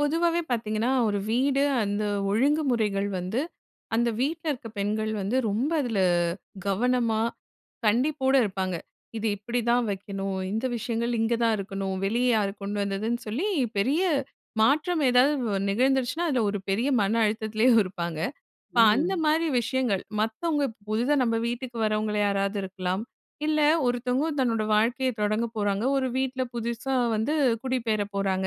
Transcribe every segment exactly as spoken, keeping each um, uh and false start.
பொதுவாவே பாத்தீங்கன்னா, ஒரு வீடு அந்த ஒழுங்குமுறைகள் வந்து, அந்த வீட்டுல இருக்க பெண்கள் வந்து, ரொம்ப அதுல கவனமா, கண்டிப்போட இருப்பாங்க. இது இப்படிதான் வைக்கணும், இந்த விஷயங்கள் இங்க தான் இருக்கணும். வெளிய யாரு கொண்டு வந்ததுன்னு சொல்லி, பெரிய மாற்றம் ஏதாவது வ நிகழ்ந்துருச்சுனா அதுல ஒரு பெரிய மன அழுத்தத்துலயும் இருப்பாங்க. அப்ப அந்த ம். மாரி விஷயங்கள், "மத்தவங்க புதிதா நம்ம வீட்டுக்கு வரவங்கல யாராவது இருக்கலாம். இல்ல ஒருத்தவங்க தன்னோட வாழ்க்கைய தொடங்க போறாங்க. ஒரு வீட்டுல, புதுசா வந்து குடிபெயர போறாங்க"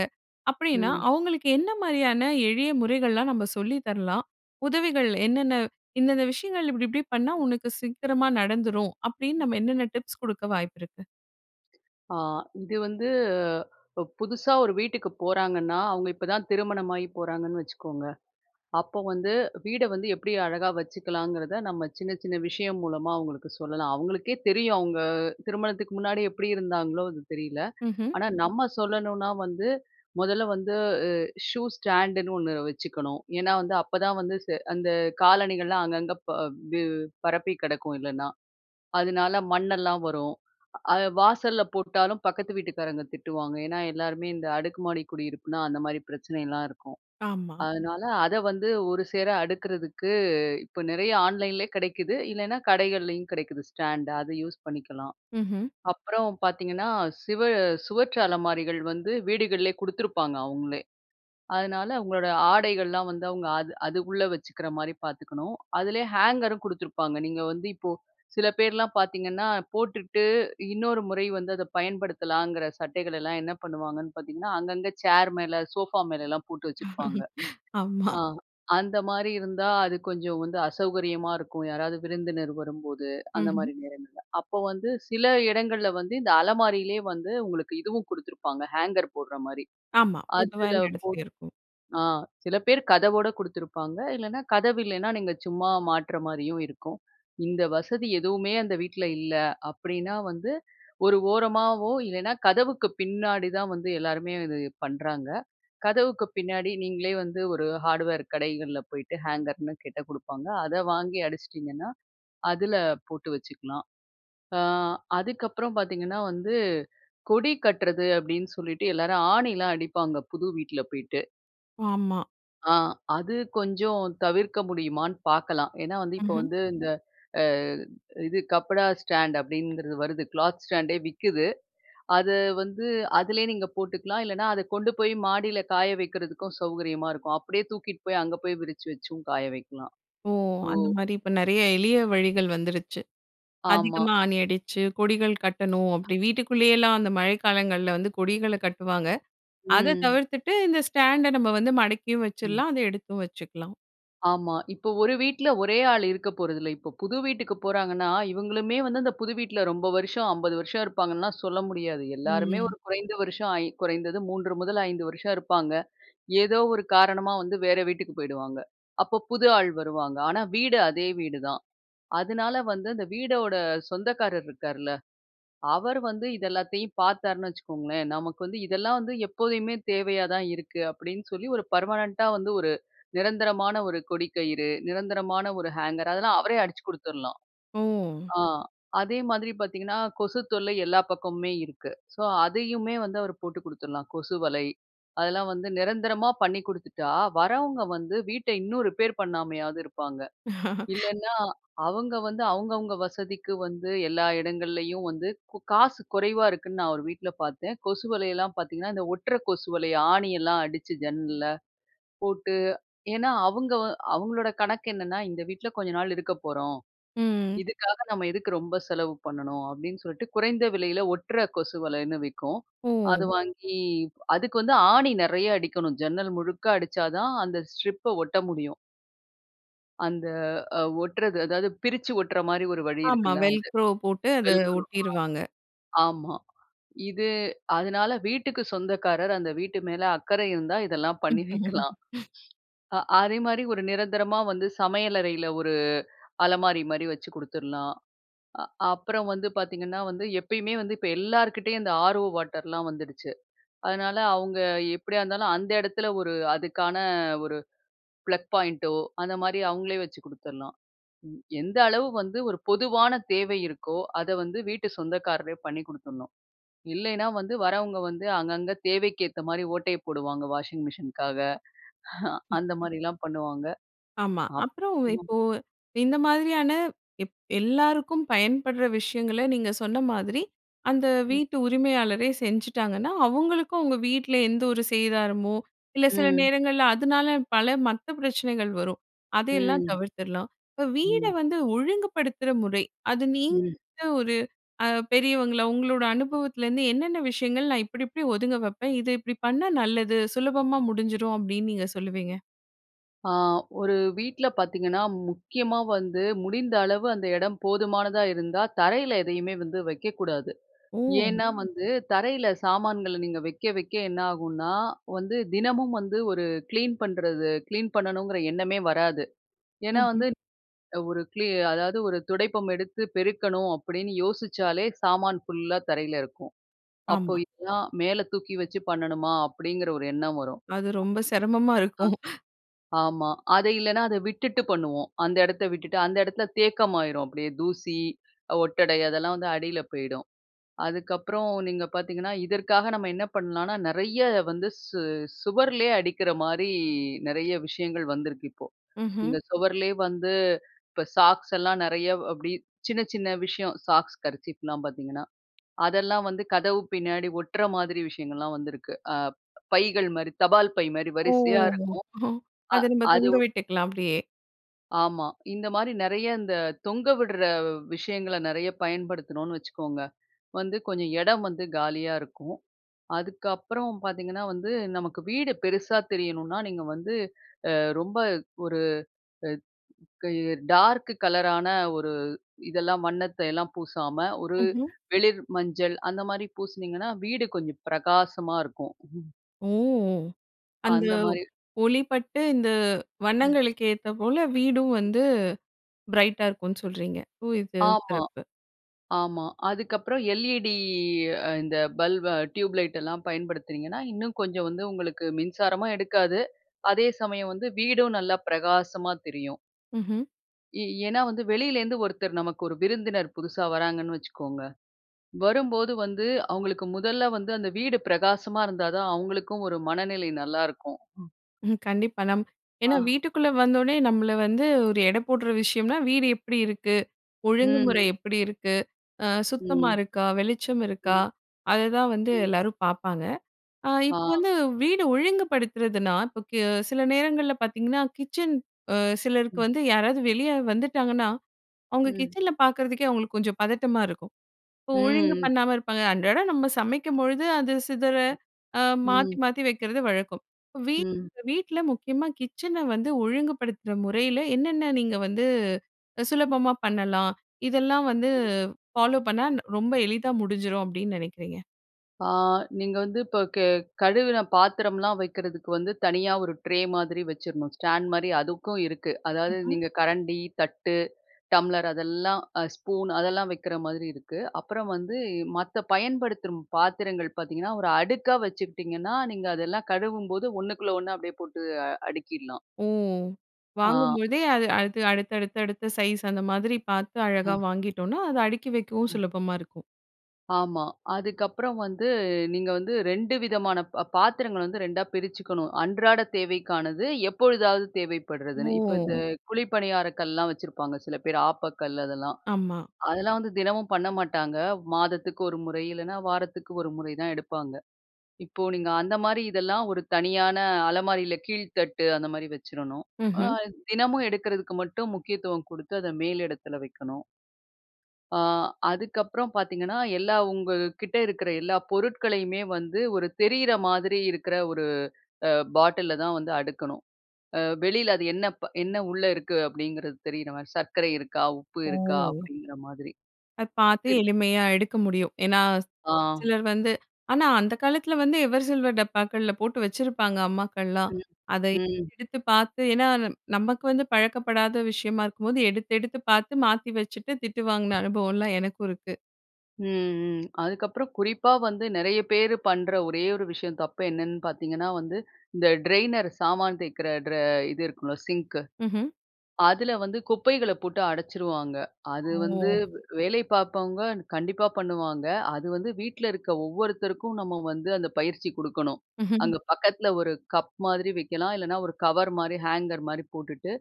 அப்படின்னா, ம். அவங்களுக்கு என்ன மாரியான எளிய முறைகள்லாம், நம்ம சொல்லி தரலாம்? உதவிகள் என்னென்ன "இந்தெந்த விஷயங்கள் இப்படி, இப்படி பண்ணா உனக்கு சீக்கிரமாக நடந்துரும்" அப்படின்னு, நம்ம என்னென்ன டிப்ஸ் குடுக்க வாய்ப்பிருக்கு? அ இது வந்து, ப புதுசா ஒரு வீட்டுக்கு போறாங்கன்னா, அவங்க இப்ப தான் திருமணமாயி போறாங்கன்னு வச்சுக்கோங்க, அப்போ வந்து, வீட வந்து எப்படி அழகா வச்சுக்கலாங்கிறத, நம்ம சின்ன, சின்ன விஷயம் மூலமா அவங்களுக்கு சொல்லலாம். அவங்களுக்கே தெரியும், அவங்க திருமணத்துக்கு முன்னாடி எப்படி இருந்தாங்களோ, அது தெரியல. ம்ஹ்ம். ஆனா நம்ம சொல்லணுனா வந்து, முதல்ல வந்து உ ஷூ ஸ்டாண்டுன்னு ஒண்ணு வச்சுக்கணும். ஏன்னா வந்து அப்பதான் வந்து செ அந்த காலணிகள்லாம் அங்கங்க ப வு பரப்பிக் கிடக்கும் இல்லனா. அதுனால மண்ணெல்லாம் வரும். அத வாசல்ல போட்டாலும் பக்கத்து வீட்டுக்காரங்க திட்டுவாங்க. ஏன்னா எல்லாருமே இந்த அடுக்கு மாடி குடியிருப்புனா, அந்த மாரி பிரச்சனையெல்லாம் இருக்கும். ஆமா. அதுனால அத வந்து ஒருசேர அடுக்குறதுக்கு, இப்ப நிறைய ஆன்லைன்லேயே கிடைக்குது. இல்லனா, கடைகள்லேயும் கிடைக்குது. ஸ்டாண்டு, அத யூஸ் பண்ணிக்கலாம். ம்ஹ்ம். அப்புறம் பாத்தீங்கன்னா, சிவ சுவற்று அலமாரிகள் வந்து வீடுகள்லேயே குடுத்துருப்பாங்க, அவுங்களே. அதனால உங்களோட ஆடைகள்லாம் வந்து அவங்க அது அது உள்ள வச்சுக்கிற மாரி பாத்துக்கணும். அதுலேயே ஹேங்கரும் குடுத்துருப்பாங்க. நீங்க வந்து இப்போ, சில பேர்லாம் பாத்தீங்கன்னா, போட்டுட்டு இன்னொரு முறை வந்து அத பயன்படுத்தலாங்கற சட்டைகளெல்லாம் என்ன பண்ணுவாங்கன்னு பாத்தீங்கன்னா, அங்கங்க சேர் மேல, சோஃபா மேலலாம் போட்டு வச்சிருப்பாங்க. ஆமா. ஆ. அந்த மாரி இருந்தா, அது கொஞ்சம் வந்து அசௌகரியமா இருக்கும். யாராவது விருந்தினர் வரும்போது, அந்த ம்ஹ்ம். மாரி நேரங்கள்ல. அப்போ வந்து சில இடங்கள்ல வந்து இந்த அலமாரியிலேயே வந்து உங்களுக்கு இதுவும் குடுத்துருப்பாங்க, ஹேங்கர் போடுற மாரி. ஆமா, பொதுவா அதுல எல்லா போ இடத்துலயும் இருக்கும். ஆ. சில பேர் கதவோட குடுத்துருப்பாங்க. இல்லைனா கதவு இல்லைனா, நீங்க சும்மா மாட்ற மாரியும் இருக்கும். இந்த வசதி எதுவுமே அந்த வீட்டுல இல்ல, அப்படினா வந்து ஒரு ஓரமாவோ இல்லைனா, கதவுக்கு பின்னாடி தான் வந்து எல்லாருமே இது பண்ணுறாங்க. கதவுக்கு பின்னாடி நீங்களே வந்து ஒரு ஹார்டுவேர் கடைகள்ல போய்ட்டு, ஹேங்கர்னு கேட்டா குடுப்பாங்க. அத வாங்கி அடிச்சிட்டிங்கன்னா, அதுல போட்டு வச்சுக்கலாம். அ, அதுக்கப்புறம் பாத்தீங்கன்னா வந்து, "கொடி கட்டுறது" அப்படின்னு சொல்லிட்டு எல்லாரும் ஆணிலாம் அடிப்பாங்க, புது வீட்டுல போயிட்டு. ஆமா. ஆ, அது கொஞ்சம் தவிர்க்க முடியுமான்னு பார்க்கலாம். ஏன்னா வந்து, இப்போ ம்ஹ்ம். வந்து இந்த அ இது கப்படா ஸ்டாண்ட் அப்படிங்கிறது வருது. க்ளாத் ஸ்டாண்டே விக்குது. அத வந்து அதிலேயே நீங்க போட்டுக்கலாம். இல்லைனா அத கொண்டு போய் மாடியில காய வைக்கிறதுக்கும் சௌகரியமா இருக்கும். அப்படியே தூக்கிட்டு போய் அங்க போய் விரிச்சு வச்சும் காய வைக்கலாம். ஓ! ஸோ அந்த மாரி இப்ப நெறைய எளிய வழிகள் வந்துடுச்சு. ஆமா. அதிகமா ஆணி அடிச்சு கொடிகள் கட்டணும். அ. அப்படி வீட்டுக்குள்ளயெல்லாம் அந்த மழை காலங்கள்ல வந்து கொடிகள கட்டுவாங்க. அத ம். தவிர்த்துட்டு இந்த ஸ்டாண்ட நம்ம வந்து மடக்கியும் ம். வச்சிருலாம், அத எடுத்தும் வச்சுக்கலாம். ஆமா. இப்போ ஒரு வீட்டில ஒரே ஆள் இருக்க போறதில்ல. இப்போ புது வீட்டுக்கு போறாங்கன்னா, இவங்களுமே வந்து அந்த புது வீட்டில ரொம்ப வருஷம் அம்பது வருஷம் இருப்பாங்கன்னுலாம் சொல்ல முடியாது. எல்லாருமே ம். ஒரு குறைந்த வருஷம் ஐ குறைந்தது மூன்று முதல் ஐந்து வருஷம் இருப்பாங்க. ஏதோ ஒரு காரணமா வந்து வேற வீட்டுக்கு போயிடுவாங்க. அப்போ புது ஆள் வருவாங்க. ஆனா வீடு அதே வீடுதான். அதனால வந்து அந்த வீட்டோட சொந்தக்காரர் இருக்கார்ல, அவர் வந்து இது எல்லாத்தையும் பார்த்தார்னு வச்சுக்கோங்களேன், "நமக்கு வந்து இதெல்லாம் வந்து எப்போதுமே தேவையா தான் இருக்கு" அப்படீன்னு சொல்லி ஒரு பெர்மனன்ட்டா வந்து ஒரு நிரந்தரமான ஒரு கொடி கயிறு, நிரந்தரமான ஒரு ஹேங்கர் அதெல்லாம் அவரே அடிச்சு குடுத்தரலாம். ஓ. ஆ, அதே மாதிரி பார்த்தீங்கன்னா, கொசு தொல்லை எல்லா பக்கமுமே இருக்கு. ஸோ அதையுமே வந்து அவர் போட்டு குடுத்தரலாம். கொசு வலை அதெல்லாம் வந்து நிரந்தரமா பண்ணி குடுத்துட்டா, வரவங்க வந்து வீட்டை இன்னும் ரிப்பேர் பண்ணாமையாவது இருப்பாங்க. இல்லன்னா அவங்க வந்து அவங்கவங்க வசதிக்கு வந்து எல்லா இடங்கள்லேயும் வந்து கு காசு குறைவா இருக்குன்னு நான் ஒரு வீட்டில பார்த்தேன் கொசு வலையெல்லாம் பார்த்தீங்கன்னா, இந்த ஒட்டுற கொசு வலை ஆணியெல்லாம் அடிச்சு ஜன்னல்ல போட்டு ஏன்னா அவங்க அவங்களோட கணக்கு என்னென்னா, "இந்த வீட்டில கொஞ்ச நாள் இருக்க போறோம். ம். இதுக்காக நம்ம எதுக்கு ரொம்ப செலவு பண்ணணும்?" அப்படீன்னு சொல்லிட்டு குறைந்த விலையில ஒட்டுற கொசு வலைன்னு விக்கும். அது ஓ. வாங்கி அதுக்கு வந்து ஆணி நெறையா அடிக்கணும். ஜன்னல் முழுக்க அடிச்சா தான் அந்த ஸ்ட்ரிப்ப ஒட்ட முடியும். அந்த அ ஒட்றது அதாவது பிரிச்சு ஒட்ற மாரி ஒரு வழி ஆமா. இருக்குல்ல அது. வெல்க்ரோவ் போட்டு அத வெல்க்ரோவா? ஒட்டிருவாங்க. ஆமா. இது அதனால வீட்டுக்கு சொந்தக்காரர், அந்த வீட்டு மேல அக்கறை இருந்தா இதெல்லாம் பண்ணி வைக்கலாம். அ அதேமாரி ஒரு நிரந்தரமா வந்து சமையலறையில ஒரு அலமாரி மாரி வச்சு குடுத்துர்லாம். அ அப்புறம் வந்து பாத்தீங்கன்னா, வந்து எப்பயுமே வந்து இப்ப எல்லார்கிட்டெயும் இந்த ஆர் ஓ வாட்டர்லாம் வந்துருச்சு. அதுனால அவுங்க எப்படியா இருந்தாலும் அந்த இடத்துல ஒரு அதுக்கான ஒரு ப்ளக் பாயிண்டோ, அந்த மாரி அவங்களே வச்சு குடுத்தர்லாம். ம். எந்த அளவு வந்து ஒரு பொதுவான தேவை இருக்கோ, அத வந்து வீட்டு சொந்தக்காரரே பண்ணி குடுத்துர்ணும். இல்லைனா வந்து வரவங்க வந்து அங்கங்க தேவைக்கேத்த மாரி ஓட்டைய போடுவாங்க வாஷிங் மிஷினுக்காக. ஹ அந்த மாரிலாம் பண்ணுவாங்க. ஆமா. அப்புறம் அப்புறோ இப்போ, இந்த மாதிரியான எப் எல்லாருக்கும் பயன்படுற விஷயங்கள நீங்க சொன்ன மாதிரி, அந்த ம். வீட்டு உரிமையாளரே செஞ்சுட்டாங்கன்னா, அவுங்களுக்கும் உங்க வீட்ல எந்த ஒரு சேதாரமோ, இல்ல சில ம். நேரங்கள்ல அதுனால, பல மத்த பிரச்சனைகள் வரும். அதயெல்லாம் ம். தவிர்த்துர்லாம். இப்ப வீட ம். வந்து ஒழுங்குபடுத்துற முறை, அது நீங்க ம் ஒரு அ பெரியவங்களா, உங்களோட அனுபவத்துலேருந்து என்னென்ன விஷயங்கள் நா இப்டிப்டி ஒதுங்க வப்பேன், இத இப்டி பண்ணா நல்லது, சுலபமா முடிஞ்சிரும் அப்படின்னு நீங்க சொல்லுவீங்க? அ ஒரு வீட்டில பார்த்தீங்கன்னா, முக்கியமா வந்து முடிந்த அளவு அந்த இடம் போதுமானதா இருந்தா தரையில எதையுமே வந்து வைக்கக்கூடாது. ஓ! ஏன்னா, வந்து தரையில சாமான்கள நீங்க வைக்க வைக்க என்னாகும்னா வந்து, தினமும் வந்து ஒரு கிளீன் பண்ணுறது கிளீன் பண்ணணுங்கிற எண்ணமே வராது. ஏன்னா ம்ஹ்ம். வந்து ஒரு கிளி அதாவது, "ஒரு துடைப்பம் எடுத்து பெருக்கணும்" அப்படின்னு யோசிச்சாலே, சாமான் ஃபுல்லா தரையில இருக்கும். "அப்போ ஆமா. இதல்லாம் மேல தூக்கி வச்சு பண்ணணுமா? அப்படிங்கிற ஒரு எண்ணம் வரும். அது ரொம்ப சிரமமா இருக்கும். [unintelligible] ஆமா. ஆமா, அத இல்லன்னா அத விட்டுட்டு பண்ணுவோம். அந்த இடத்த விட்டுட்டு. அந்த இடத்தில தேக்கம்மாயிரும். அப்படியே தூசி அ ஒட்டடை அதெல்லாம் வந்து அடியில போயிடும். அதுக்கப்புறம் நீங்க பார்த்தீங்கன்னா, இதற்காக நம்ம என்ன பண்ணலானா நெறைய வந்து சு சுவர்லேயே அடிக்கிற மாரி நெறைய விஷயங்கள் வந்திருக்கு இப்போ. ம்ஹ்ம். இந்த சுவருலேயே வந்து, இப்ப சாக்ஸ் எல்லாம் நெறைய அப்டி சின்ன சின்ன விஷயம் சாக்ஸ் கர்ச்சீஃப்லாம் பார்த்தீங்கன்னா. அதெல்லாம் வந்து கதவு பின்னாடி ஒட்டுற மாதிரி விஷயங்கள்லாம் வந்திருக்கு. அ பைகள் மாரி, தபால் பை மாரி ஓ! வரிசையா இருக்கும். ஹோ! அ அத நம்ம அது தொங்க விட்டுக்கலாம், அப்படியே. ஆமா. இந்த மாரி நிறைய இந்த தொங்க விட்ற விஷயங்கள நிறைய பயன்படுத்துனோம்னு வச்சுக்கோங்க, வந்து கொஞ்சம் இடம் வந்து காலியா இருக்கும். அதுக்கப்புறம் பாத்தீங்கன்னா, வந்து நமக்கு வீடு பெருசா தெரியணுனா, நீங்க வந்து அ ரொம்ப ஒரு அ கய டார்க் கலரான ஒரு இதெல்லாம் வண்ணத்தையெல்லாம் பூசாம, ஒரு ம்ஹ்ம். வெளிர் மஞ்சள் அந்த மாரி பூசுனீங்கன்னா வீடு கொஞ்சம் பிரகாசமா இருக்கும். ஓ! அந்த அந்த மாரி. ஒளி பட்டு இந்த ம். வண்ணங்களுக்கு ஏத்த போல, வீடும் வந்து பிரைட்டா இருக்கும்னு சொல்றீங்க. ஓ! இது ஆமா, சிறப்பு. ஆமா. அதுக்கப்புறம் எல்இடி அ இந்த பல்ப அ டியூப்லைட் எல்லாம் பயன்படுத்துனீங்கன்னா, இன்னும் கொஞ்சம் வந்து உங்களுக்கு மின்சாரமும் எடுக்காது, அதே சமயம் வந்து வீடும் நல்லா பிரகாசமா தெரியும். ம்ஹ்ம். ஏ ஏன்னா வந்து வெளியில இருந்து ஒருத்தர் நமக்கு ஒரு விருந்தினர் புதுசா வர்றாங்கன்னு வச்சிக்கோங்க. வரும்போது வந்து அவுங்களுக்கு முதல்ல வந்து, அந்த வீடு பிரகாசமா இருந்தா தான் அவுங்களுக்கும் ஒரு மனநிலை நல்லா இருக்கும். ம். ம் கண்டிப்பா. நம் ஏன்னா அ. வீட்டுக்குள்ள வந்த ஒடனே நம்மள வந்து ஒரு எடை போட்ற விஷயம்னா, வீடு எப்டி இருக்கு? ஒழுங்குமுறை ம். எப்டி இருக்கு? ஆ சுத்தமா ம். இருக்கா? வெளிச்சம் இருக்கா? ம். அததான் வந்து ம். எல்லாரும் பாப்பாங்க. அ ஆ. இப்போ வந்து வீடு ஒழுங்குபடுத்துறதுன்னா, இப்போ கு சில நேரங்கள்ல பாத்தீங்கன்னா, கிச்சன் அ சிலருக்கு ம். வந்து யாராவது வெளி ஆளு வந்துட்டாங்கன்னா, அவங்க ம். கிச்சன பாக்கறதுக்கே அவங்களுக்கு கொஞ்சம் பதட்டமா இருக்கும். அப்போ ஒழுங்கு ம். பண்ணாம இருப்பாங்க. அன்றாடம் நம்ம சமைக்கும்பொழுது அது சிதற ம், அ மாத்தி ம். மாத்தி வைக்கிறது வழக்கம். வீட் ம். வீட்ல முக்கியமா கிச்சன வந்து ஒழுங்குபடுத்துற முறையில என்னென்ன நீங்க வந்து சுலபமா பண்ணலாம்? இதெல்லாம் வந்து ஃபாலோ பண்ணா ரொம்ப எளிதா முடிஞ்சிரும் அப்டின்னு நினைக்கிறீங்க? ஆ நீங்க வந்து இப்ப கே கழுவுன பாத்திரம்லாம் வைக்கிறதுக்கு வந்து தனியா ஒரு ட்ரே மாதிரி வச்சுறணும். ஸ்டாண்ட் மாரி அதுக்கும் இருக்கு. அதாவது ஹ்ம். நீங்க கரண்டி, தட்டு, டம்ளர் அதெல்லாம் அ ஸ்பூன் அதெல்லாம் வைக்கிற மாதிரி இருக்கு. அப்புறம் வந்து மத்த பயன்படுத்துரும் பாத்திரங்கள் பாத்தீங்கன்னா, ஒரு அடுக்கா வச்சுக்கிட்டிங்கன்னா நீங்க அதெல்லாம் கழுவும்போது ஒண்ணுக்குள்ள ஒண்ணா அப்படியே போட்டு அடுக்கிடலாம். ஓ! ஆ. வாங்கும்போதே அது அடுத்து அடுத்த அடுத்த சைஸ் அந்த மாதிரி பார்த்து அழகா அ. வாங்கிட்டோன்னா, அது அடுக்கி வைக்கவும் அ. சுலபமா இருக்கும். ஆமா. அதுக்கப்புறம் வந்து நீங்க வந்து ரெண்டு விதமான ப பாத்திரங்கள் வந்து ரெண்டா பிரிச்சுக்கணும். அன்றாட தேவைக்கானது, எப்பொழுதாவது தேவைப்படுறதுன்னு. இப்ப இந்த ஓ! குழி பணியார கல்லெல்லாம் வச்சிருப்பாங்க சில பேரு ஆப்பக்கல் அதெல்லாம். ஆமா. அதெல்லாம் வந்து தினமும் பண்ண மாட்டாங்க. மாதத்துக்கு ஒரு முறை இல்லனா வாரத்துக்கு ஒரு முறை தான் எடுப்பாங்க. இப்போ நீங்க அந்த மாரி இதெல்லாம் ஒரு தனியான அலமாரியில கீழ்த்தட்டு, அந்தமாதிரி வச்சுறணும். அ ம்ஹ்ம். தினமும் எடுக்கிறதுக்கு மட்டும் முக்கியத்துவம் குடுத்து அத மேல் இடத்துல வைக்கணும். அ அதுக்கப்புறம் பாத்தீங்கன்னா, எல்லா உங்க கிட்ட இருக்கிற எல்லா பொருட்களையுமே வந்து ஒரு தெரியுற மாதிரி இருக்கிற ஒரு அ பாட்டில்ல தான் வந்து அடுக்கணும். அ வெளியில அது என்ன ப் என்ன உள்ள இருக்கு, அப்படிங்குறது தெரியுற மாரி. சர்க்கரை இருக்கா? உப்பு இருக்கா? ஓ! அப்படிங்கிற மாதிரி. அத பார்த்து [unintelligible] எளிமையா எடுக்க முடியும். ஏன்னா, ஆ. சிலர் வந்து ஆனா அந்த காலத்தில வந்து எவர் சில்வர் டப்பாக்கள்ல போட்டு வச்சிருப்பாங்க அம்மாக்கள்லாம். ம், அத ம். எடுத்து பார்த்து ஏன்னா நமக்கு வந்து பழக்கப்படாத விஷயமா இருக்கும்போது, எடுத்து, எடுத்து பார்த்து மாத்தி வச்சுட்டு, திட்டு வாங்குன அனுபவமெல்லாம் எனக்கும் இருக்கு. ம், ம். அதுக்கப்புறம் குறிப்பா வந்து நிறைய பேரு பண்ற ஒரே ஒரு விஷயம், தப்பு என்னன்னு பாத்தீங்கன்னா வந்து, இந்த "டிரெய்னர்" சாமான் தேய்க்கற டிர இது இருக்கும்ல சிங்க்கு. ம்ஹூம். அதுல வந்து குப்பைகள போட்டு அடச்சிருவாங்க. அது வந்து, ஓ! வேலை பாப்பவங்க கண்டிப்பா பண்ணுவாங்க. அது வந்து வீட்டுல இருக்க ஒவ்வொருத்தருக்கும் நம்ம வந்து, அந்த பயிற்சி குடுக்கணும். அங்க பக்கத்துல ஒரு கப் மாதிரி வைக்கலாம். இல்லன்னா, ஒரு கவர் மாரி ஹேங்கர் மாரி போட்டுட்டு,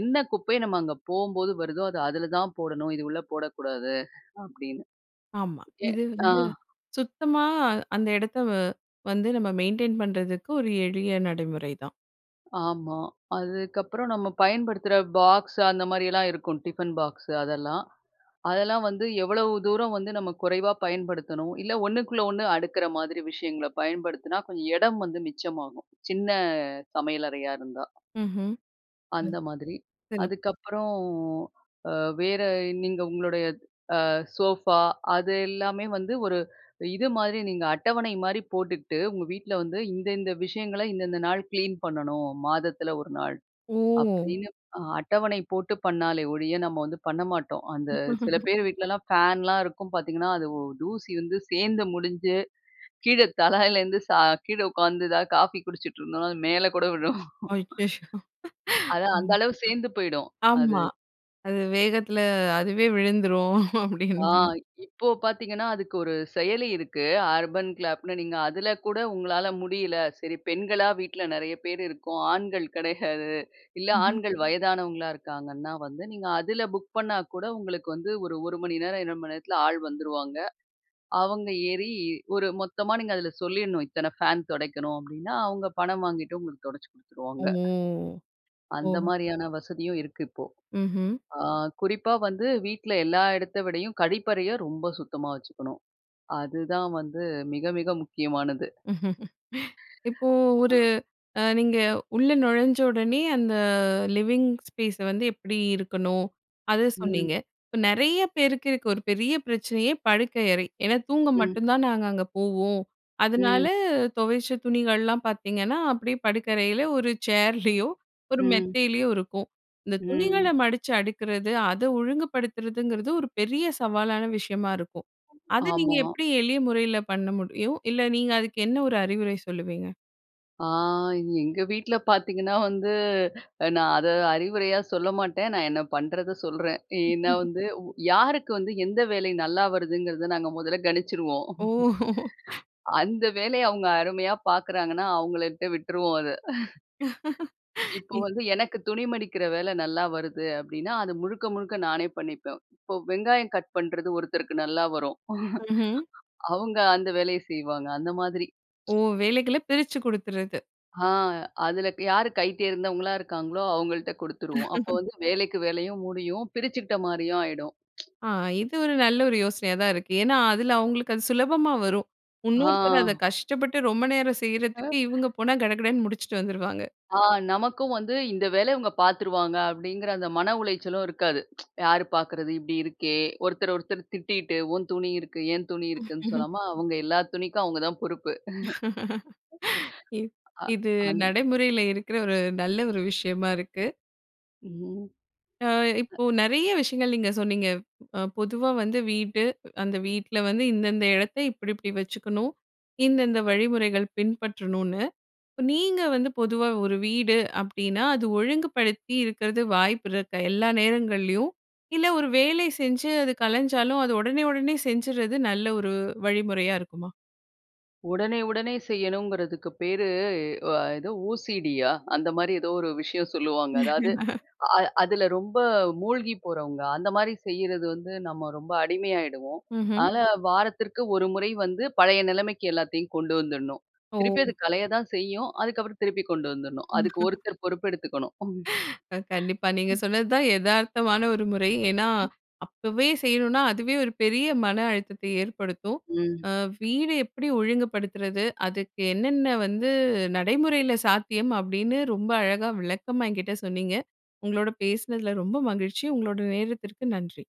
என்ன குப்பைய நம்ம அங்க போம்போது வருதோ, அத அதுல தான் போடணும். இது உள்ள போடக்கூடாது அப்படினு, ஆமா. எ இது ஆ. வந்து, சுத்தமா அந்த இடத்த அ, வந்து நம்ம மெயின்டெயின் பண்றதுக்கு ஒரு எளிய நடைமுறை தான். ஆமா. அதுக்கப்புறம் நம்ம பயன்படுத்துற பாக்ஸ், அந்த மாரியெல்லாம் இருக்கும். "ஃடிபன் பாக்ஸு" அதெல்லாம். அதெல்லாம் வந்து எவ்வளவு தூரம் வந்து நம்ம குறைவா பயன்படுத்தணும். இல்ல ஒண்ணுக்குள்ள ஒண்ணு, அடுக்குற மாதிரி விஷயங்கள பயன்படுத்துனா, கொஞ்சம் இடம் வந்து மிச்சமாகும். சின்ன சமையலறையா இருந்தா. ம்ஹூம்.. அந்த மாதிரி. [unintelligible] அதுக்கப்புறம் அ, வேற நீங்க உங்களுடைய அ சோஃபா அது எல்லாமே வந்து, ஒரு இது மாரி நீங்க அட்டவணை மாரி போட்டுக்கிட்டு, "உங்க வீட்டுல வந்து இந்தந்த விஷயங்கள, இந்தந்த நாள் கிளீன் பண்ணணும், மாதத்துல ஒரு நாள்", ஓ! அப்படின்னு அ அட்டவணை போட்டு பண்ணாலே ஒழிய, நம்ம வந்து பண்ண மாட்டோம். அந்த சில பேரு வீட்டுலலாம் ஃபேன்லாம் இருக்கும் பார்த்தீங்கன்னா, அது ஒ தூசி வந்து சேந்து முடிஞ்சு, கீழ தலையிலேருந்து சா கீழ உட்காந்து ஏதாவது காஃபி குடிச்சிட்டு இருந்தோம்னா, அது மேலே கூட விழும். ஐயயோ! அதான். அந்த ம். அளவு சேந்து போயிடும் அது.. ஆமா. அது வேகத்துல அதுவே விழுந்துரும், ஆ. அப்டின்னு.. இப்போ பார்த்தீங்கன்னா, அதுக்கு ஒரு செயலி இருக்கு, அர்பன் கிளாப்னு. நீங்க அதுல கூட உங்களால முடியல சரி, பெண்களா வீட்ல நெறைய பேரு இருக்கோம். ஆண்கள் கெடையாது. இல்ல ம்ஹூம். ஆண்கள் வயதானவங்களா இருக்காங்கன்னா வந்து, நீங்க அதுல புக் பண்ணா கூட உங்களுக்கு வந்து ஒரு, ஒரு மணி நேரம், இரண்டு மணி நேரத்துல ஆள் வந்துருவாங்க. அவங்க ஏறி, ஒரு மொத்தமா நீங்க அதுல சொல்லிடணும், இத்தன ஃபேன் துடைக்கணும் அப்டின்னா அவங்க பணம் வாங்கிட்டு, உங்களுக்கு துடைச்சு ஓ! குடுத்துருவாங்க. அந்த ஓ! மாரியான வசதியும் இருக்கு இப்போ. ம்ஹூம். ஆ, குறிப்பா வந்து வீட்ல எல்லா எடத்த விடயும், கழிப்பறைய ரொம்ப சுத்தமா வச்சுக்கணும். அதுதான் வந்து மிக, மிக முக்கியமானது.. இப்போ அ. ஒரு, அ நீங்க உள்ள நொழஞ்ச உடனே அந்த லிவிங்ஸ் ஸ்பேச வந்து எப்படி இருக்கணும், அத ம். சொன்னீங்க. இப்ப நெறைய பேருக்கு இருக்க ஒரு பெரிய பிரச்சனையே, படுக்கை அறை. ஏனா, தூங்க ம். மட்டும் தான் நாங்க அங்க போவோம். அதனால ம். தொவச்ச துணிகள்லாம் பார்த்தீங்கன்னா, அப்படியே படுக்கறையில ஒரு சேர்லயோ, ஒரு ம். மெத்தையிலயோ இருக்கும். இந்த துணிகள ம். மடிச்சு அடுக்குறது, அத ஒழுங்குபடுத்துறதுங்கறது ஒரு பெரிய சவாலான விஷயமா இருக்கும். அத நீங்க ,ஆமா. எப்படி எளிய முறையில பண்ண முடியும்? இல்ல நீங்க அதுக்கு என்ன ஒரு அறிவுரை சொல்லுவீங்க? அ எங்க வீட்ல பார்த்தீங்கன்னா வந்து நா அத அறிவுரையா சொல்ல மாட்டேன். நான் என்ன பண்ணறத சொல்றேன். ஏன்னா வந்து யாருக்கு வந்து எந்த வேலை நல்லா வருதுங்கிறத நாங்க முதல்ல கணிச்சுறுவோம். ஓ! அந்த வேலைய அவுங்க அருமையா பாக்குறாங்கன்னா அவங்களட்ட விட்டுருவோம் அத. இப்போ இ. வந்து எனக்கு துணி மடிக்கிற வேல நல்லா வருது அப்படின்னா அத முழுக்க முழுக்க நானே பண்ணிப்பேன். இப்ப வெங்காயம் கட் பண்றது ஒருத்தருக்கு நல்லா வரும். ம்ஹ்ம். அவுங்க அந்த வேலைய செய்வாங்க. அந்த மாதிரி. ஓ! வேலைகள பிரிச்சு குடுத்துறது. ஆ. அதில க் யாரு கை தேர்ந்தவங்களா இருக்காங்களோ, அவங்கள்ட குடுத்துருவோம். அப்போ வந்து வேலைக்கு வேலையும் முடியும். பிரிச்சிக்கிட்ட மாரியும் ஆயிடும். ஆ, இது ஒரு நல்ல ஒரு யோசனையா தான் இருக்கு. ஏன்னா அதில அவங்களுக்கு அது சுலபமா வரும். இன்னொருத்தர் அதை ஆ. கஷ்டப்பட்டு ரொம்ப நேரம் ஆ. செய்றதுக்கு, இவங்க போனா கடகடன்னு முடிச்சுட்டு வந்துருவாங்க. ஆ நமக்கும் வந்து இந்த வேல இவங்க பார்த்துருவாங்க அப்படிங்கிற அந்த மன உளைச்சலும் இருக்காது. யார் பார்க்கிறது இப்படி இருக்கே! ஒருத்தர் ஒருத்தர் திட்டிட்டு உன் துணி இருக்கு, என் துணி இருக்குன்னு சொல்லாம அவங்க எல்லா துணிக்கும் அவங்க தான் பொறுப்பு. இ ஆ, இது அந் நடைமுறையில இருக்கிற ஒரு நல்ல ஒரு விஷயமா இருக்கு. ம். அ. அ இப்போ நெறைய விஷயங்கள் நீங்க சொன்னீங்க. அ பொதுவா வந்து வீடு, அந்த வீட்ல வந்து இந்தந்த இடத்த இப்டிப்டி வச்சுக்கணும், இந்தந்த வழிமுறைகள் பின்பற்றணுன்னு, இப்ப நீங்க வந்து பொதுவா ஒரு வீடு அப்படின்னா அது ஒழுங்குபடுத்தி இருக்கறது வாய்ப்புருக்கா, எல்லா நேரங்கள்லயும்? இல்ல, ஒரு வேலை செஞ்சு அது கலஞ்சாலும் அத உடனே உடனே செஞ்சுறது நல்ல ஒரு வழிமுறையா இருக்குமா? உடனே உடனே செய்யணுங்கிறதுக்கு பேரு அ எதோ ஓசிடியா? அந்த மாரி ஏதோ ஒரு விஷயம் சொல்லுவாங்க. அதாவது அ அதில ரொம்ப மூழ்கி போறவங்க. அந்த மாரி செய்றது வந்து நம்ம ரொம்ப அடிமையாய்டுவோம். ம்ஹ்ம். அதனால வாரத்திற்கு ஒரு முறை வந்து பழைய நிலைமைக்கி எல்லாத்தையும் கொண்டு வந்துடணும். ஓ! திருப்பி அது கலைய தான் செய்யும். அதுக்கப்புறம் திருப்பி கொண்டு வந்துறணும். அதுக்கு ஒருத்தர் பொறுப்பு எடுத்துக்கணும். அம். அ கண்டிப்பா நீங்க ம். சொன்னதுதான் எதார்த்தமான ஒரு முறை. ஏன்னா ம். அப்பவே செய்யணுன்னா, அதுவே ஒரு பெரிய மன அழுத்தத்தை ஏற்படுத்தும். ம். அ வீட எப்டி ஒழுங்குபடுத்துறது? அதுக்கு என்னென்ன வந்து நடைமுறைல சாத்தியம் அப்படின்னு ரொம்ப அழகா விளக்கமா என்கிட்ட சொன்னீங்க. உங்களோட பேசுனதுல ரொம்ப மகிழ்ச்சி. உங்களோட நேரத்திற்கு நன்றி.